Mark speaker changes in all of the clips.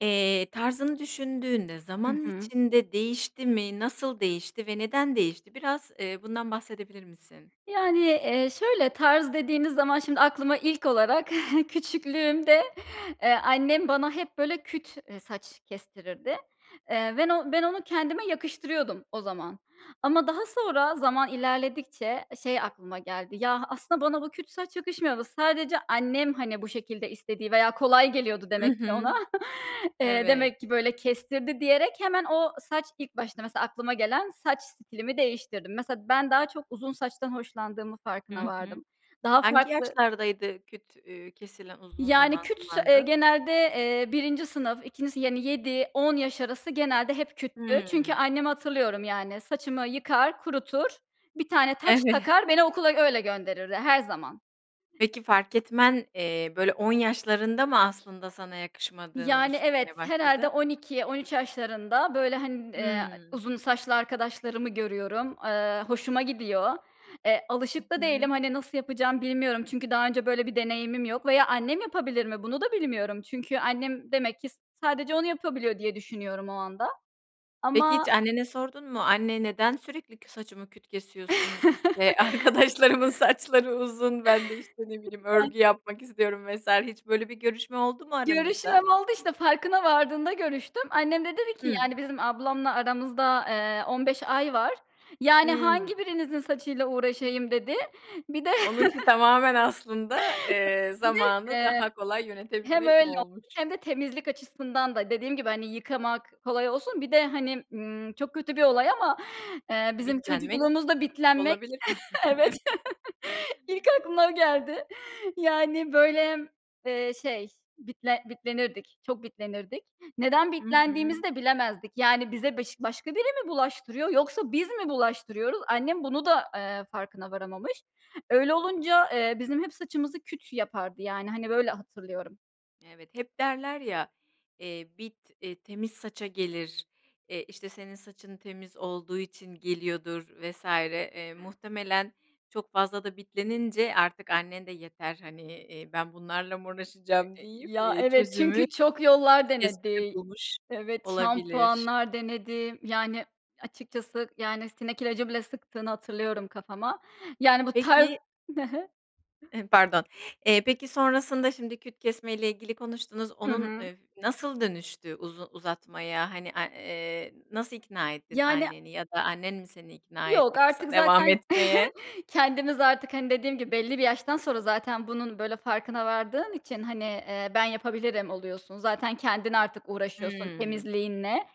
Speaker 1: Eee, tarzını düşündüğünde
Speaker 2: Hı
Speaker 1: zaman
Speaker 2: hı.
Speaker 1: içinde değişti mi? Nasıl değişti ve neden değişti? Biraz, eee, bundan bahsedebilir misin?
Speaker 2: Yani, eee, şöyle tarz dediğiniz zaman şimdi aklıma ilk olarak küçüklüğümde, eee, annem bana hep böyle küt, eee, saç kestirirdi. Eee, ven o ben onu kendime yakıştırıyordum o zaman ama daha sonra zaman ilerledikçe şey aklıma geldi. Ya, aslında bana bu küt saç yakışmıyor. Sadece annem, hani, bu şekilde istediği veya kolay geliyordu
Speaker 1: I
Speaker 2: demek ki
Speaker 1: hı.
Speaker 2: ona, eee,
Speaker 1: Evet.
Speaker 2: demek ki böyle kestirdi diyerek hemen o saç ilk başta, mesela, aklıma gelen saç stilimi değiştirdim. Mesela, ben daha çok uzun saçtan hoşlandığımın
Speaker 1: Hı
Speaker 2: farkına
Speaker 1: hı.
Speaker 2: vardım. Daha
Speaker 1: Hangi
Speaker 2: farklı
Speaker 1: yaşlardaydı küt, üüü, kesilen uzun
Speaker 2: Yani,
Speaker 1: zaman
Speaker 2: küts eee,
Speaker 1: kullandığın?
Speaker 2: genelde, eee, 1. sınıf, 2. sınıf, yani, 7-10 yaş arası genelde hep küttü. Çünkü
Speaker 1: Hıı.
Speaker 2: annemi hatırlıyorum, yani, saçımı yıkar, kurutur, bir tane taç
Speaker 1: Evet.
Speaker 2: takar, beni okula öyle gönderirdi her zaman.
Speaker 1: Peki, fark etmen, eee, böyle, 10 yaşlarında mı aslında sana yakışmadığını
Speaker 2: Yani, evet.
Speaker 1: düşünmeye
Speaker 2: Herhâlde
Speaker 1: başladın?
Speaker 2: 12-13 yaşlarında, böyle, hani, ııı,
Speaker 1: Hıı.
Speaker 2: uzun saçlı arkadaşlarımı görüyorum, eee, hoşuma gidiyor. Eee, alışık
Speaker 1: Hı
Speaker 2: da
Speaker 1: hı.
Speaker 2: değilim, hani, nasıl yapacağımı bilmiyorum. Çünkü daha önce böyle bir deneyimim yok veya annem yapabilir mi bunu da bilmiyorum. Çünkü annem demek ki sadece onu yapabiliyor diye düşünüyorum o anda
Speaker 1: Peki, hiç
Speaker 2: ama
Speaker 1: annene sordun mu? Anne, neden sürekli kü saçımı küt kesiyorsun? İşte arkadaşlarımın saçları uzun? Ben de, işte, ne bileyim,
Speaker 2: [unintelligible]
Speaker 1: örgü yapmak istiyorum vs. Hiç böyle bir görüşme oldu mu aranızda?
Speaker 2: Görüşmem oldu işte, farkına vardığımda görüştüm. Annem de dedi ki,
Speaker 1: Hıı.
Speaker 2: yani bizim ablamla aramızda, eee, 15 ay var. "Yani
Speaker 1: Hıı.
Speaker 2: hangi birinizin saçıyla uğraşayım" dedi. Bir de,
Speaker 1: Onunki tamamen aslında, eee,
Speaker 2: bir de,
Speaker 1: zamanı
Speaker 2: eee,
Speaker 1: daha kolay
Speaker 2: hem
Speaker 1: yönetebilmek
Speaker 2: öyle
Speaker 1: mi
Speaker 2: olmuş
Speaker 1: olmuş?
Speaker 2: hem de temizlik açısından da dediğim gibi, hani, yıkamak kolay olsun, bir de, hani, ımm, çok kötü bir olay ama, eee, bizim
Speaker 1: Bitlenmek
Speaker 2: çocukluğumuzda bitlenmek,
Speaker 1: olabilir mi?
Speaker 2: evet, ilk aklına o geldi. Yani, böyle, eee, şey bitle bitlenirdik, çok bitlenirdik. Neden
Speaker 1: I hı.
Speaker 2: bitlendiğimizi de bilemezdik. Yani, bize bış başka biri mi bulaştırıyor, yoksa biz mi bulaştırıyoruz? Annem bunu da, eee, farkına varamamış. Öyle olunca, eee, bizim hep saçımızı küt yapardı, yani, hani, böyle hatırlıyorum.
Speaker 1: Evet, hep derler ya, eee, bit, eee, temiz saça gelir, eee, işte, senin saçın temiz olduğu için geliyordur vs. eee, muhtemelen çok fazla da bitlenince artık annen de yeter, hani, eee, ben bunlarla mı
Speaker 2: E
Speaker 1: uğraşacağım
Speaker 2: e
Speaker 1: deyip,
Speaker 2: ya, evet,
Speaker 1: çözümü
Speaker 2: çünkü çok yollar
Speaker 1: küt kesmede
Speaker 2: denedi.
Speaker 1: bulmuş
Speaker 2: Evet,
Speaker 1: olabilir.
Speaker 2: şampuanlar denedi, yani, açıkçası, yani, sinek ilacı bile sıktığını hatırlıyorum kafama. Yani, bu tarz
Speaker 1: Peki
Speaker 2: Hı hı.
Speaker 1: Emm, pardon. Eee, peki, sonrasında şimdi küt kesmeyle ilgili konuştunuz,
Speaker 2: Hı
Speaker 1: onun,
Speaker 2: hı.
Speaker 1: eee, nasıl dönüştü uzu uzatmaya, hani, a eee, nasıl ikna ettin
Speaker 2: Yani
Speaker 1: anneni, ya da annen mi seni ikna
Speaker 2: Yok,
Speaker 1: etti kısa
Speaker 2: artık
Speaker 1: devam
Speaker 2: zaten
Speaker 1: etmeye?
Speaker 2: kendimiz artık, hani, dediğim gibi belli bir yaştan sonra zaten bunun böyle farkına vardığın için, hani, eee, ben yapabilirim oluyorsun. Zaten kendin artık uğraşıyorsun
Speaker 1: Hıı.
Speaker 2: temizliğinle.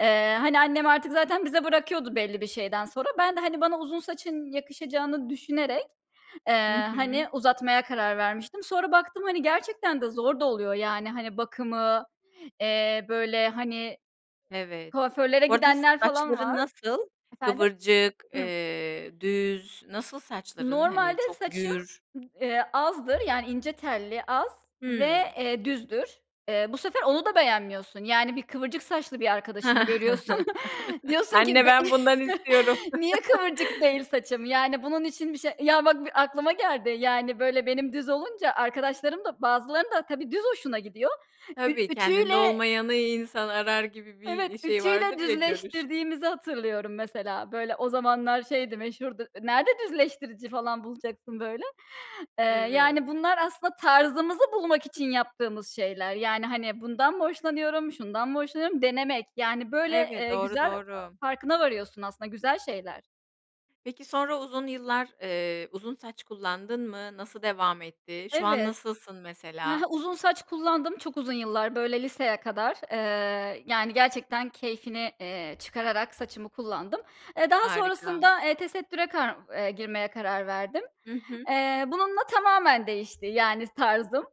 Speaker 2: Eee, hani, annem artık zaten bize bırakıyordu belli bir şeyden sonra. Ben de, hani, bana uzun saçın yakışacağını düşünerek,
Speaker 1: Hı
Speaker 2: eee, hani,
Speaker 1: hı.
Speaker 2: uzatmaya karar vermiştim. Sonra baktım, hani, gerçekten de zor da oluyor. Yani, hani, bakımı, eee, böyle, hani,
Speaker 1: Evet.
Speaker 2: kuaförlere
Speaker 1: Bu arada
Speaker 2: gidenler falan
Speaker 1: saçların
Speaker 2: var.
Speaker 1: nasıl,
Speaker 2: Efendim?
Speaker 1: kıvırcık,
Speaker 2: Hıh.
Speaker 1: eee, düz, nasıl saçların, hani,
Speaker 2: Normalde
Speaker 1: çok
Speaker 2: saçım,
Speaker 1: gür?
Speaker 2: eee, azdı, yani, ince telli, az ve,
Speaker 1: Hıı.
Speaker 2: eee, düzdür. Eee, bu sefer onu da beğenmiyorsun. Yani, bir kıvırcık saçlı bir arkadaşını görüyorsun, diyorsun ki,
Speaker 1: Anne
Speaker 2: be
Speaker 1: ben bundan istiyorum.
Speaker 2: niye kıvırcık değil saçım? Yani, bunun için bir şey Ya, bak, bir aklıma geldi. Yani, böyle benim düz olunca, arkadaşlarım da, bazılarının da tabii düz hoşuna gidiyor. Ü
Speaker 1: Tabii, kendinde
Speaker 2: ütüyle
Speaker 1: olmayanı insan arar gibi
Speaker 2: Evet,
Speaker 1: bir şey
Speaker 2: ütüyle
Speaker 1: vardır ya, görüş.
Speaker 2: düzleştirdiğimizi hatırlıyorum, mesela. Böyle, o zamanlar şeydi, meşhurdu. E, nerede düzleştirici falan bulacaksın böyle? Eee,
Speaker 1: Evet.
Speaker 2: yani, bunlar aslında tarzımızı bulmak için yaptığımız şeyler. Yani, hani, bundan mı hoşlanıyorum, şundan mı hoşlanıyorum, denemek. Yani, böyle,
Speaker 1: Evet.
Speaker 2: eee,
Speaker 1: Doğru,
Speaker 2: güzel
Speaker 1: doğru.
Speaker 2: farkına varıyorsun aslında. Güzel şeyler.
Speaker 1: Peki, sonra uzun yıllar, eee, uzun saç kullandın mı? Nasıl devam etti, şu an
Speaker 2: Evet.
Speaker 1: nasılsın,
Speaker 2: Hı hı,
Speaker 1: mesela?
Speaker 2: uzun saç kullandım çok uzun yıllar, böyle, liseye kadar. Eee, yani, gerçekten keyfini, eee, çıkararak saçımı kullandım. Eee, daha
Speaker 1: Harika.
Speaker 2: sonrasında, eee, tesettüre kar eee, girmeye karar verdim.
Speaker 1: I hı.
Speaker 2: Eee, bununla tamamen değişti, yani, tarzım.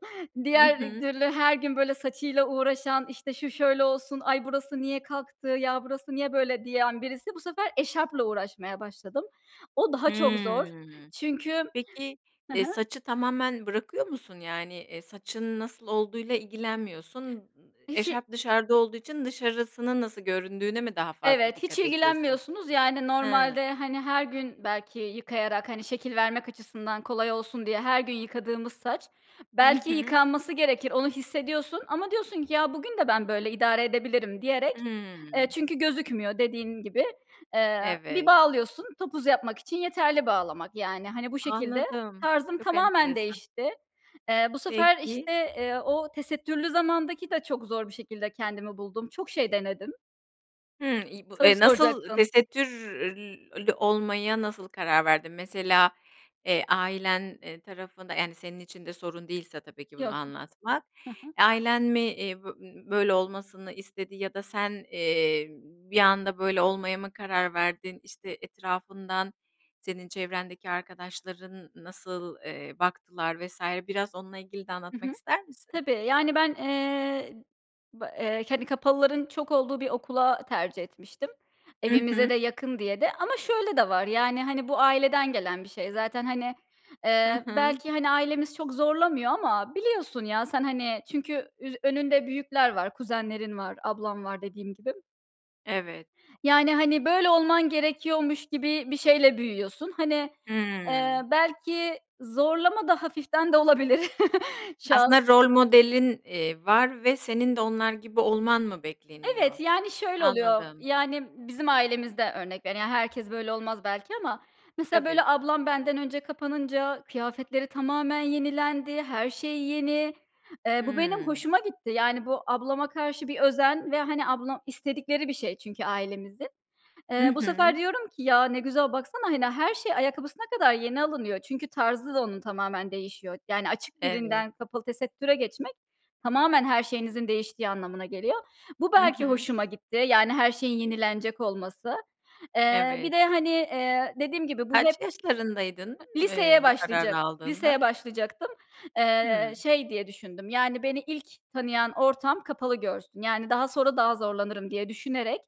Speaker 1: Hı
Speaker 2: Diğer
Speaker 1: hı.
Speaker 2: türlü her gün, böyle, saçıyla uğraşan, işte, şu şöyle olsun, ay, burası niye kalktı ya, burası niye böyle diyen birisi, bu sefer eşarpla uğraşmaya başladım. O daha çok zor.
Speaker 1: Hımm.
Speaker 2: Çünkü
Speaker 1: Peki,
Speaker 2: Hı
Speaker 1: eee,
Speaker 2: hı.
Speaker 1: saçı tamamen bırakıyor musun? Yani, eee, saçın nasıl olduğuyla ilgilenmiyorsun, ııı,
Speaker 2: Hiç i
Speaker 1: eşarp dışarıda olduğu için dışarısının nasıl göründüğüne mi daha fazla
Speaker 2: Evet, hiç
Speaker 1: dikkat ediyorsun?
Speaker 2: ilgilenmiyorsunuz, yani,
Speaker 1: Hıı.
Speaker 2: normalde, hani, her gün belki yıkayarak, hani, şekil vermek açısından kolay olsun diye, her gün yıkadığımız saç
Speaker 1: Hı
Speaker 2: belki
Speaker 1: hı.
Speaker 2: yıkanması gerekir, onu hissediyorsun ama diyorsun ki, ya, bugün de ben böyle idare edebilirim diyerek eee,
Speaker 1: Hıı.
Speaker 2: çünkü gözükmüyor, dediğim gibi. Eee, bir
Speaker 1: Evet.
Speaker 2: bağlıyorsun, topuz yapmak için yeterli bağlamak. Yani, hani, bu şekilde
Speaker 1: Anladım,
Speaker 2: tarzım
Speaker 1: çok
Speaker 2: tamamen
Speaker 1: enteresan.
Speaker 2: değişti. Eee, bu sefer,
Speaker 1: Peki.
Speaker 2: işte, eee, o tesettürlü zamandaki de çok zor bir şekilde kendimi buldum, çok şey denedim.
Speaker 1: Hımm, i bu,
Speaker 2: Soru
Speaker 1: eee, nasıl
Speaker 2: soracaktın.
Speaker 1: tesettür ül lü olmaya nasıl karar verdin? Mesela, eee, ailen, eee, tarafında yani, senin için de sorun değilse tabii ki bunu
Speaker 2: Yok.
Speaker 1: anlatmak,
Speaker 2: Ha ha.
Speaker 1: ailen mi, eee, bö ö böyle olmasını istedi ya da sen, eee, bir anda böyle olmaya mı karar verdin? İşte, etrafından senin çevrendeki arkadaşların nasıl, eee, baktılar vs. biraz onunla ilgili de
Speaker 2: Hı
Speaker 1: anlatmak
Speaker 2: hı.
Speaker 1: ister misin?
Speaker 2: Tabii, yani, ben, eee, ba eee, hani, kapalıların çok olduğu bir okula tercih etmiştim
Speaker 1: Hı
Speaker 2: evimize
Speaker 1: hı.
Speaker 2: de yakın diye de. Ama şöyle de var yani, hani, bu aileden gelen bir şey. Zaten, hani,
Speaker 1: Hı
Speaker 2: eee,
Speaker 1: hı.
Speaker 2: belki, hani, ailemiz çok zorlamıyor ama biliyorsun ya sen, hani, çünkü üz önünde büyükler var, kuzenlerin var, ablam var dediğim gibi.
Speaker 1: Evet.
Speaker 2: Yani, hani böyle olman gerekiyormuş gibi bir şeyle büyüyorsun. Hani, eee,
Speaker 1: Hıı.
Speaker 2: belki zorlama da hafiften de olabilir. Şu an
Speaker 1: Aslında rol modelin, eee, var ve senin de onlar gibi olman mı bekleniyor?
Speaker 2: Evet, yani, şöyle oluyor.
Speaker 1: Anladım.
Speaker 2: Yani, bizim ailemizde örnek vere yani herkes böyle olmaz belki ama. Mesela,
Speaker 1: Tabii.
Speaker 2: böyle, ablam benden önce kapanınca kıyafetleri tamamen yenilendi, her şey yeni. Eee, bu benim
Speaker 1: Hıı.
Speaker 2: hoşuma gitti. Yani bu ablama karşı bir özen ve, hani, ablam istedikleri bir şey çünkü ailemizin.
Speaker 1: Hı
Speaker 2: Eee, bu sefer
Speaker 1: hı.
Speaker 2: diyorum ki: "Ya, ne güzel baksana, hani, her şey ayakkabısına kadar yeni alınıyor." Çünkü tarzı da onun tamamen değişiyor. Yani açık
Speaker 1: Evet.
Speaker 2: birinden kapalı tesettüre geçmek tamamen her şeyinizin değiştiği anlamına geliyor. Bu
Speaker 1: Hı
Speaker 2: belki
Speaker 1: hı.
Speaker 2: hoşuma gitti yani her şeyin yenilenecek olması. Eee, bir
Speaker 1: Evet.
Speaker 2: de, hani, eee, dediğim gibi, bu hep
Speaker 1: Kaç yaşlarındaydın, eee,
Speaker 2: Liseye
Speaker 1: bu
Speaker 2: başlayacak
Speaker 1: kararı
Speaker 2: liseye
Speaker 1: aldığında?
Speaker 2: başlayacaktım. Eee,
Speaker 1: Hıı.
Speaker 2: şey diye düşündüm, yani, beni ilk tanıyan ortam kapalı görsün. Yani, daha sonra daha zorlanırım diye düşünerek,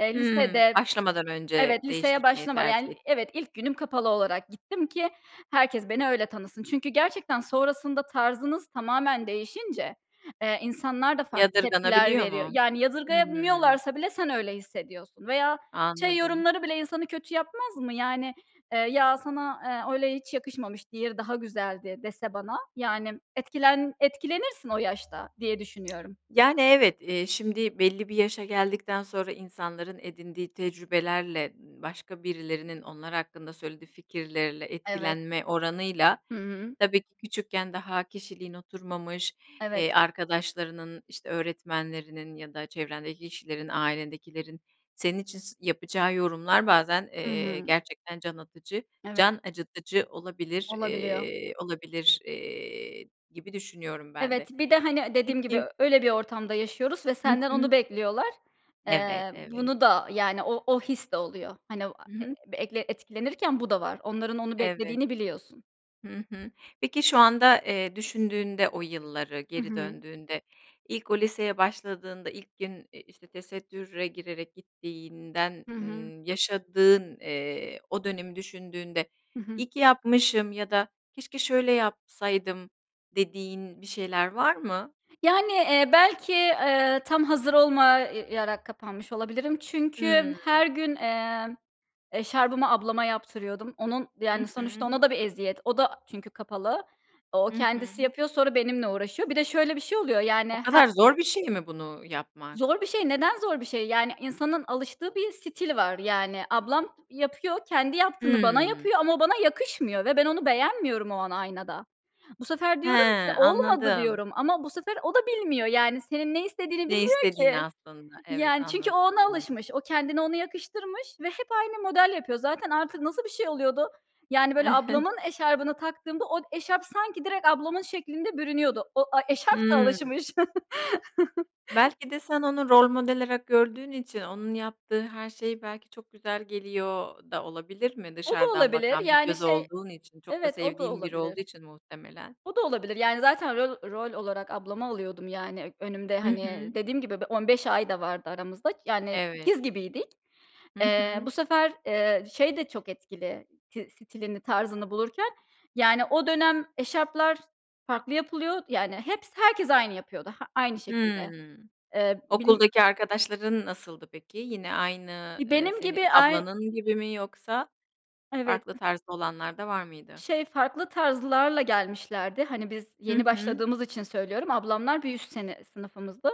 Speaker 2: eee,
Speaker 1: Hımm,
Speaker 2: lisede
Speaker 1: başlamadan önce
Speaker 2: Evet, liseye
Speaker 1: değiştirtmeyi
Speaker 2: başlamadan,
Speaker 1: tercih
Speaker 2: yani
Speaker 1: ettin.
Speaker 2: Evet, ilk günüm kapalı olarak gittim ki herkes beni öyle tanısın. Çünkü gerçekten sonrasında tarzınız tamamen değişince, eee, insanlar da farklı tepkiler
Speaker 1: Yadırganabiliyor
Speaker 2: veriyor.
Speaker 1: mu?
Speaker 2: Yani,
Speaker 1: Hıı.
Speaker 2: yadırgayamıyorlarsa bile sen öyle hissediyorsun. Veya şey
Speaker 1: Anladım.
Speaker 2: yorumları bile insanı kötü yapmaz mı? Yani, eee, "Ya, sana, eee öyle hiç yakışmamış, diğeri daha güzeldi." dese bana, yani m etkilen etkilenirsin o yaşta diye düşünüyorum.
Speaker 1: Yani, evet, eee, şimdi, belli bir yaşa geldikten sonra insanların edindiği tecrübelerle, ııı, başka birilerinin onlar hakkında söylediği fikirlerle
Speaker 2: Evet.
Speaker 1: etkilenme oranıyla,
Speaker 2: Hı hı.
Speaker 1: tabii ki küçükken daha kişiliğin oturmamış, eee,
Speaker 2: Evet.
Speaker 1: arkadaşlarının, işte, öğretmenlerinin ya da çevrendeki kişilerin, ailendekilerin, senin için s yapacağı yorumlar bazen,
Speaker 2: I
Speaker 1: eee,
Speaker 2: hı.
Speaker 1: gerçekten can atıcı
Speaker 2: Evet.
Speaker 1: can acıtıcı olabilir
Speaker 2: Olabiliyor.
Speaker 1: eee, olabilir, eee, gibi düşünüyorum ben
Speaker 2: Evet,
Speaker 1: de.
Speaker 2: bir de, hani, eee, dediğim gibi,
Speaker 1: Peki
Speaker 2: ö öyle bir ortamda yaşıyoruz ve
Speaker 1: Hı
Speaker 2: senden
Speaker 1: hı.
Speaker 2: onu bekliyorlar.
Speaker 1: Evet,
Speaker 2: Eee,
Speaker 1: evet.
Speaker 2: bunu da yani o o his de oluyor. Hani, o a
Speaker 1: Hı
Speaker 2: eee,
Speaker 1: hı.
Speaker 2: ekle etkilenirken bu da var. Onların onu
Speaker 1: Evet.
Speaker 2: beklediğini biliyorsun.
Speaker 1: Hı hı. Peki şu anda, eee, düşündüğünde o yılları,
Speaker 2: I
Speaker 1: geri
Speaker 2: hı.
Speaker 1: döndüğünde, ilk o liseye başladığında ilk gün, eee, işte, tesettüre girerek gittiğinden,
Speaker 2: Hı hı.
Speaker 1: ııı, yaşadığın, eee, o dönemi düşündüğünde,
Speaker 2: I hı.
Speaker 1: "İyi ki yapmışım ya da keşke şöyle yapsaydım." dediğin bir şeyler var mı?
Speaker 2: Yani, eee, belki, eee, tam hazır olma ya yarak kapanmış olabilirim. Çünkü m
Speaker 1: Hıı.
Speaker 2: her gün, emm, eşarbımı ablama yaptırıyordum. Onun
Speaker 1: Hı
Speaker 2: yani, sonuçta
Speaker 1: hı.
Speaker 2: ona da bir eziyet. O da çünkü kapalı. O
Speaker 1: Hı
Speaker 2: kendisi
Speaker 1: hı.
Speaker 2: yapıyor, sonra benimle uğraşıyor. Bir de şöyle bir şey oluyor yani,
Speaker 1: O
Speaker 2: her
Speaker 1: kadar zor bir şey mi bunu yapmak?
Speaker 2: Zor bir şey. Neden zor bir şey? Yani insanın alıştığı bir stil var. Yani ablam yapıyor, kendi yaptığını bana
Speaker 1: Hıı.
Speaker 2: yapıyor ama o bana yakışmıyor ve ben onu beğenmiyorum o an aynada. Bu sefer
Speaker 1: He,
Speaker 2: diyorum ki: "Olmadı."
Speaker 1: anladım.
Speaker 2: diyorum ama bu sefer o da bilmiyor. Yani senin ne istediğini
Speaker 1: Ne
Speaker 2: bilmiyor
Speaker 1: istediğini
Speaker 2: ki.
Speaker 1: aslında. Evet,
Speaker 2: Yani çünkü o
Speaker 1: anladım,
Speaker 2: ona
Speaker 1: anladım.
Speaker 2: alışmış, o kendine onu yakıştırmış ve hep aynı model yapıyor. Zaten artık nasıl bir şey oluyordu? Yani, böyle, ablamın eşarbını taktığımda od eşarp sanki direkt ablamın şeklinde bürünüyordu. O, a eşarp da
Speaker 1: Hıı.
Speaker 2: alışmış.
Speaker 1: Belki de sen onu rol model arak gördüğün için onun yaptığı her şey belki çok güzel geliyor da olabilir mi?
Speaker 2: O da
Speaker 1: Dışarıdan
Speaker 2: olabilir,
Speaker 1: bakan bir
Speaker 2: yani,
Speaker 1: göz
Speaker 2: şey
Speaker 1: olduğun için, çok da
Speaker 2: Evet, o da
Speaker 1: sevdiğin biri olduğu
Speaker 2: olabilir.
Speaker 1: için muhtemelen.
Speaker 2: O da olabilir, yani, zaten rol rol olarak ablamı alıyordum, yani, önümde,
Speaker 1: Hı
Speaker 2: hani,
Speaker 1: hı.
Speaker 2: dediğim gibi bir 15 ay da vardı aramızda k yani,
Speaker 1: Evet.
Speaker 2: ikiz gibiydik.
Speaker 1: Hı
Speaker 2: Eee,
Speaker 1: hı.
Speaker 2: bu sefer, eee, şey de çok etkili, ti stilini, tarzını bulurken, yani, o dönem eşarplar farklı yapılıyor, yani, heps herkes aynı yapıyordu, ha aynı
Speaker 1: Hıı.
Speaker 2: şekilde. Ee, bilIm
Speaker 1: Okuldaki arkadaşların nasıldı peki? Yine aynı,
Speaker 2: İii,
Speaker 1: eee,
Speaker 2: benim
Speaker 1: senin
Speaker 2: gibi ay
Speaker 1: ablanın gibi mi yoksa
Speaker 2: Evet.
Speaker 1: farklı tarzda olanlar da var mıydı?
Speaker 2: Şey, farklı tarzlarla gelmişlerdi. Hani, biz
Speaker 1: Hı
Speaker 2: yeni
Speaker 1: hı.
Speaker 2: başladığımız için söylüyorum. Ablamlar bir üst sene sınıfımızdı.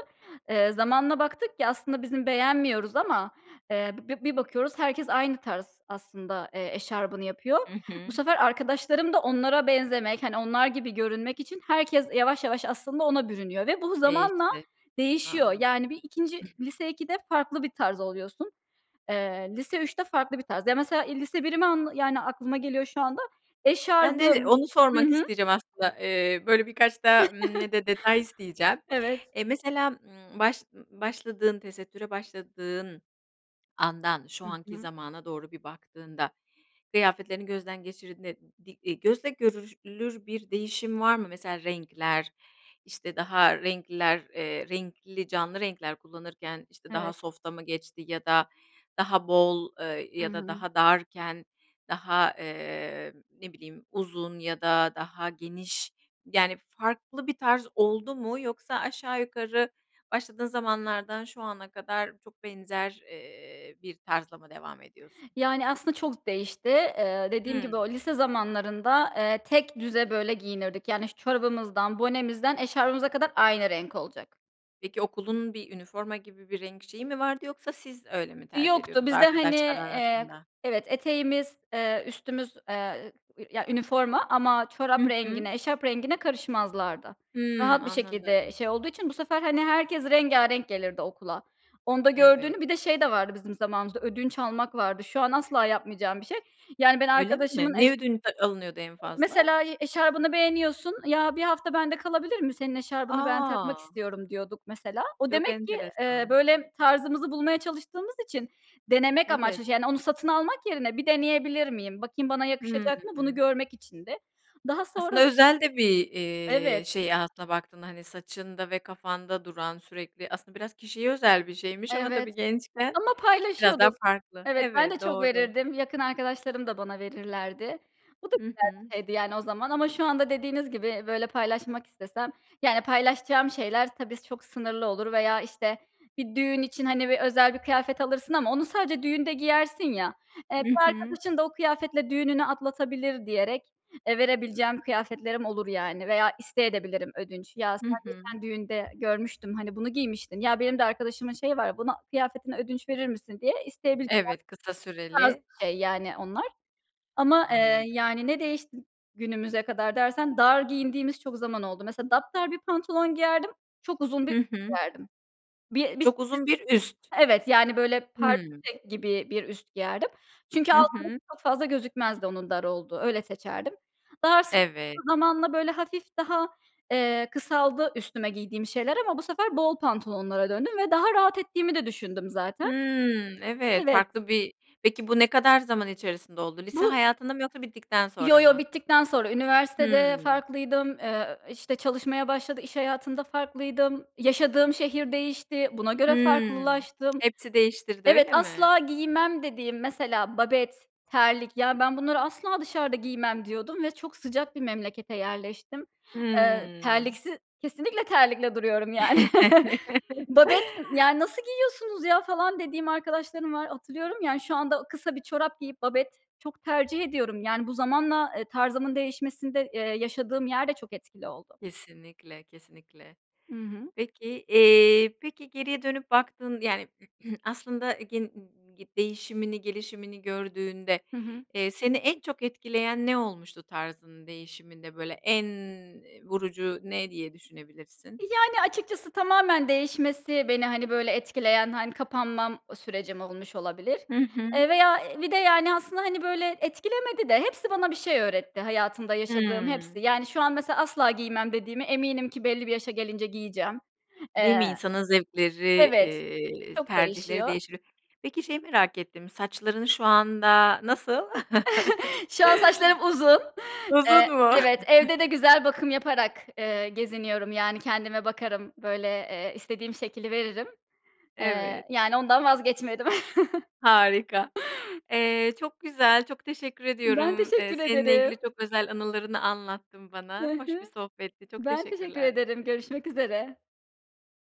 Speaker 2: Eee, zamanla baktık ki aslında bizim beğenmiyoruz ama, eee, b bi bir bakıyoruz herkes aynı tarz aslında, eee, eşarbını yapıyor.
Speaker 1: I
Speaker 2: Bu
Speaker 1: hı.
Speaker 2: sefer arkadaşlarım da onlara benzemek hani onlar gibi görünmek için herkes yavaş yavaş aslında ona bürünüyor ve bu zamanla
Speaker 1: Değişti.
Speaker 2: değişiyor.
Speaker 1: Anladım.
Speaker 2: Yani, bir ikinci lise 2'de farklı bir tarz oluyorsun. Eee, lise 3'te farklı bir tarz. Ya, mesela, iii, lise 1'imi anla yani aklıma geliyor şu anda.
Speaker 1: Ben de de
Speaker 2: Eşarbım
Speaker 1: onu
Speaker 2: hı
Speaker 1: sormak
Speaker 2: hı.
Speaker 1: isteyeceğim aslında. Eee, böyle, birkaç daha, ımm, ne de detay isteyeceğim.
Speaker 2: Evet.
Speaker 1: Eee, mesela, ımm, baş ııı, başladığın tesettüre başladığın andan şu
Speaker 2: Hı
Speaker 1: anki
Speaker 2: hı.
Speaker 1: zamana doğru bir baktığında, kıyafetlerini gözden geçirdiğinde di eee, gözle görülür bir değişim var mı? Mesela renkler, işte, daha renkliler, eee, renkli, canlı renkler kullanırken, işte, daha
Speaker 2: Evet.
Speaker 1: soft'a mı geçti ya da daha bol, eee,
Speaker 2: I
Speaker 1: ya da
Speaker 2: hı.
Speaker 1: daha darken; daha, eee, ne bileyim, uzun ya da daha geniş yani farklı bir tarz oldu mu? Yoksa aşağı yukarı başladığın zamanlardan şu ana kadar çok benzer, eee, bir tarzla mı devam ediyorsun?
Speaker 2: Yani, aslında çok değişti, eee, dediğim gibi,
Speaker 1: Hıı.
Speaker 2: o lise zamanlarında, eee, tekdüze böyle giyinirdik yani, iş çorabımızdan, bonemizden eşarbımıza kadar aynı renk olacak.
Speaker 1: Peki okulun bir üniforma gibi bir renk şeyi mi vardı yoksa siz öyle mi tercih
Speaker 2: Yoktu,
Speaker 1: ediyordunuz
Speaker 2: bizde, hani,
Speaker 1: arkadaşlar
Speaker 2: eee, k
Speaker 1: arasında?
Speaker 2: Evet, eteğimiz, eee, üstümüz, eee, ı vir yani, üniforma ama çorap
Speaker 1: Hı hı.
Speaker 2: rengine, eşarp rengine karışmazlardı.
Speaker 1: Hıı,
Speaker 2: Rahat bir şekilde, eee,
Speaker 1: anladım.
Speaker 2: şey olduğu için bu sefer, hani, herkes rengârenk gelirdi okula. Onda
Speaker 1: Evet.
Speaker 2: gördüğünü Bir de şey de vardı bizim zamanımızda ödünç almak vardı. Şu an asla yapmayacağım bir şey. Yani ben
Speaker 1: Öyle mi?
Speaker 2: arkadaşımın eş
Speaker 1: Ne ödünç a alınıyordu en
Speaker 2: Eee,
Speaker 1: fazla?
Speaker 2: mesela i eşarbını beğeniyorsun, "Ya, 1 hafta bende kalabilir mi? Senin eşarbını ben takmak
Speaker 1: A!
Speaker 2: istiyorum." diyorduk mesela. O
Speaker 1: Çok
Speaker 2: demek ki, eee,
Speaker 1: enteresan.
Speaker 2: böyle tarzımızı bulmaya çalıştığımız için denemek
Speaker 1: Evet.
Speaker 2: amaçlı, çış yani onu satın almak yerine bir deneyebilir miyim, bakayım bana
Speaker 1: Hıı.
Speaker 2: yakışacak mı, bunu görmek içindi. Daha
Speaker 1: Aslında
Speaker 2: sonras
Speaker 1: özel de bir, eee,
Speaker 2: Evet.
Speaker 1: şey aslında baktığında, hani, saçında ve kafanda duran sürekli, aslında biraz kişiye özel bir şeymiş ama
Speaker 2: Evet.
Speaker 1: tabii, gençken
Speaker 2: Ama
Speaker 1: biraz daha
Speaker 2: paylaşıyorduk.
Speaker 1: farklı.
Speaker 2: Evet, ben de
Speaker 1: Evet,
Speaker 2: çok
Speaker 1: doğru.
Speaker 2: verirdim. Yakın arkadaşlarım da bana verirlerdi. Bu da
Speaker 1: Hı
Speaker 2: güzel
Speaker 1: hı.
Speaker 2: bir şeydi, yani, o zaman ama şu anda dediğiniz gibi, böyle paylaşmak istesem yani paylaşacağım şeyler s tabii çok sınırlı olur veya, işte, bir düğün için hani bir özel bir kıyafet alırsın ama onu sadece düğünde giyersin ya. Eee,
Speaker 1: Hı
Speaker 2: bir
Speaker 1: hı.
Speaker 2: arkadaşın da o kıyafetle düğününü atlatabilir diyerek, eee, verebileceğim kıyafetlerim olur, yani, veya isteyebilirim de ödünç. "Ya, sen
Speaker 1: Hı
Speaker 2: bir
Speaker 1: hı.
Speaker 2: sen düğünde görmüştüm, hani bunu giymiştin. Ya, benim de arkadaşımın şeyi var. Bunu kıyafetini ödünç verir misin?" diye isteyebileceğim
Speaker 1: Evet, kısa
Speaker 2: tarz
Speaker 1: süreli.
Speaker 2: bir şey yani onlar. Ama, eee,
Speaker 1: Anladım.
Speaker 2: yani ne değişti günümüze kadar dersen, dar giyindiğimiz çok zaman oldu. Mesela dapdar bir pantolon giyerdim, çok uzun bir
Speaker 1: Hı hı.
Speaker 2: giyerdim. Bir elbis [unintelligible]
Speaker 1: Çok uzun bir üst.
Speaker 2: Evet, yani, böyle
Speaker 1: Hıı.
Speaker 2: pardösü gibi bir üst giyerdim çünkü
Speaker 1: Hı
Speaker 2: altım
Speaker 1: hı.
Speaker 2: çok fazla gözükmezdi onun dar olduğu, öyle seçerdim. Daha so
Speaker 1: Evet.
Speaker 2: zamanla böyle hafif daha, eee, kısaldı üstüme giydiğim şeyler ama bu sefer bol pantolonlara döndüm ve daha rahat ettiğimi de düşündüm zaten.
Speaker 1: Hımm, evet,
Speaker 2: Evet.
Speaker 1: farklı bir Peki bu ne kadar zaman içerisinde oldu? Lise
Speaker 2: Bu
Speaker 1: hayatında mı yoksa bittikten
Speaker 2: Yo,
Speaker 1: sonra
Speaker 2: yo,
Speaker 1: mı?
Speaker 2: bittikten sonra. Üniversitede
Speaker 1: Hıı.
Speaker 2: farklıydım, eee, ööö, işte çalışmaya başladı, iş hayatında farklıydım, yaşadığım şehir değişti, buna göre
Speaker 1: Hıı,
Speaker 2: farklılaştım.
Speaker 1: hepsi değiştirdi,
Speaker 2: Evet,
Speaker 1: öyle mi?
Speaker 2: asla giymem dediğim mesela babet, terlik ya ben bunları asla dışarıda giymem diyordum ve çok sıcak bir memlekete yerleştim. Eee,
Speaker 1: Hıı.
Speaker 2: terliksiz kesinlikle terlikle duruyorum yani. Babet ı yani, nasıl giyiyorsunuz ya, falan dediğim arkadaşlarım var, hatırlıyorum. Yani, şu anda ı kısa bir çorap giyip babet çok tercih ediyorum. Yani bu zamanla, eee, tarzımın değişmesinde, eee, yaşadığım yer de çok etkili oldu.
Speaker 1: Kesinlikle, kesinlikle.
Speaker 2: I hı.
Speaker 1: Peki, eee, peki geriye dönüp baktığın yani, aslında gen ııı, gi değişimini, gelişimini gördüğünde,
Speaker 2: Hı hı.
Speaker 1: eee, seni en çok etkileyen ne olmuştu tarzının değişiminde böyle en, eee, vurucu ne diye düşünebilirsin?
Speaker 2: Yani, açıkçası tamamen değişmesi beni, hani, böyle etkileyen, hani, kapanmam, o sürecim olmuş olabilir.
Speaker 1: Hı hı.
Speaker 2: Eee, veya, eee, bir de yani aslında, hani, böyle, etkilemedi de hepsi bana bir şey öğretti, hayatımda yaşadığım
Speaker 1: Hıı.
Speaker 2: hepsi. Yani, şu an mesela asla giymem dediğimi eminim ki belli bir yaşa gelince giyeceğim.
Speaker 1: Değil mi,
Speaker 2: Eee
Speaker 1: insanın zevkleri,
Speaker 2: Evet.
Speaker 1: eee,
Speaker 2: Çok
Speaker 1: tercihleri
Speaker 2: değişiyor.
Speaker 1: değişebilir. Peki şeyi merak ettim, saçların şu anda nasıl?
Speaker 2: Şu an saçlarım uzun.
Speaker 1: Uzun
Speaker 2: Eee,
Speaker 1: mu?
Speaker 2: evet. Evde de güzel bakım yaparak, eee, geziniyorum yani kendime bakarım, böyle, eee, istediğim şekli veririm. Eee,
Speaker 1: Evet.
Speaker 2: yani ondan vazgeçmedim.
Speaker 1: Harika. Eee, çok güzel, çok teşekkür
Speaker 2: Ben
Speaker 1: ediyorum. Eee,
Speaker 2: teşekkür
Speaker 1: seninle
Speaker 2: ederim.
Speaker 1: ilgili çok özel anılarını anlattın bana.
Speaker 2: Hı
Speaker 1: Hoş bir
Speaker 2: hı.
Speaker 1: sohbetti, çok
Speaker 2: Ben teşekkür
Speaker 1: teşekkürler.
Speaker 2: ederim, görüşmek üzere.